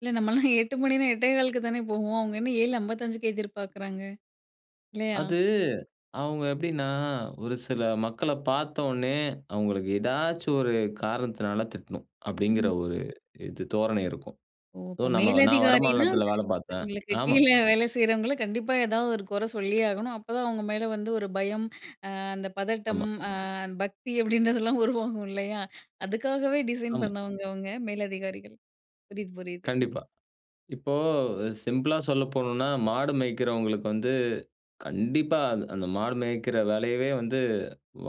இல்ல நம்மள்லாம் 8:00 மணின்னா, 8:15க்கு க்கு தானே போவோம். அவங்க என்ன 7:55க்கே எதிர்பாக்குறாங்க. இல்லையா? அது அவுங்க எப்டின்னா, ஒரு சில மக்கள பாத்தோன்னே, அவுங்களுக்கு ஏதாச்சும் ஒரு காரணத்தினால திட்டணும். அப்படிங்கிற ம். ஒரு இது தோரணை இருக்கும். ஓ! ஸோ அப்போ நம்ம நான் மேலதிகாரின்னா, வடமாநிலத்தில வேலை பாத்தேன் அவங்களுக்கு ஆமா. கீழ வேலை செய்யறவங்கள, கண்டிப்பா ஏதாவது ஒரு கொறை சொல்லியே ஆகணும். அப்போதான் அவங்க மேலே வந்து ஒரு பயம், அ அந்த பதட்டம், ஆமா. அ பக்தி அப்படின்றதெல்லாம் உருவாகும். இல்லையா? அதுக்காகவே டிசைன் ஆமா. பண்ணவங்க அவங்க மேலதிகாரிகள். புரியுது புரியுது. கண்டிப்பா. இப்போ அ சிம்பிளா சொல்ல போணும்ன்னா, மாடு மேய்க்கிறவங்களுக்கு வந்து கண்டிப்பா, அது அந்த மாடு மேய்க்கிற வேலையவே வந்து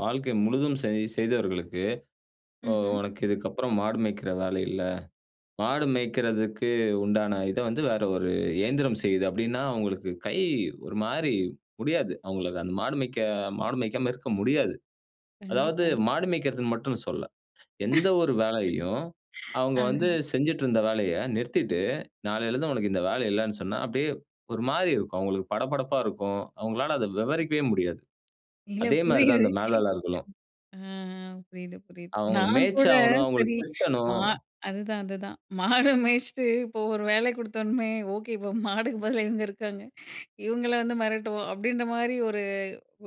வாழ்க்கை முழுதும் செய் செய்தவர்களுக்கு, அ ம்ஹ்ம். "உனக்கு இதுக்கப்புறம் மாடு மேய்க்கிற வேலை இல்ல. மாடு மேய்க்கிறதுக்கு உண்டான இத வந்து வேற ஒரு இயந்திரம் செய்யுது" அப்டின்னா, அவுங்களுக்கு கை ஒரு மாரி முடியாது. அவுங்களுக்கு அந்த மாடு மேய்க்க மாடு மேய்க்காம இருக்க முடியாது. அதாவது கண்டிப்பா. மாடு மேய்க்கிறதுன்னு மட்டுன்னு சொல்லல. எந்த ஒரு வேலையையும் அவுங்க வந்து ஆஹ! செஞ்சுட்டு இருந்த வேலைய நிறுத்திட்டு, நாளையில இருந்து உனக்கு இந்த வேலை இல்லன்னு சொன்னா, அப்டியே ஒரு மாரி இருக்கும். அவுங்களுக்கு படபடப்பா இருக்கும். அவுங்களால அதை விவரிக்கவே முடியாது. இல்ல. அதே மாரி தான் புரியுது அந்த மேலாளர்களும். ஆ ஆ புரியுது புரியுது. அவுங்கள நான் கூட மேய்ச்சாகணும், அவுங்கள சரி மா திட்டனும் அதுதான் அதுதான். மாடு மேய்ச்சிட்டு, இப்போ ஒரு வேலை குடுத்தோன்னமே, ஓகே இப்போ மாடுக்கு பதிலா இவுங்க இருக்காங்க. இவுங்கள வந்து மெரட்டுவோம். அப்படின்ற மாரி ஒரு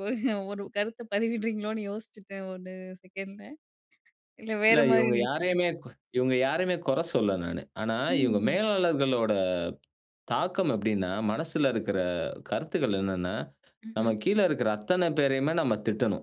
ஒரு ஒரு கருத்த பதிவிடுறீங்களோன்னு யோசிச்சுட்டேன். 1 செகண்ட்ல இல்ல இல்ல. வேற மாதிரி இவுங்க நீங்க யாரையுமே சொல்லிருக் கு இவங்க யாரையுமே கொற சொல்லல நானு. ஆனா இவுங்க ம். மேலாளர்களோட தாக்கம் எப்படின்னா? மனசுல இருக்கற கருத்துக்கள் என்னான்னா? நம்ம ம்ஹ்ம். கீழ இருக்கற அத்தன பேரையுமே நம்ம திட்டனும்!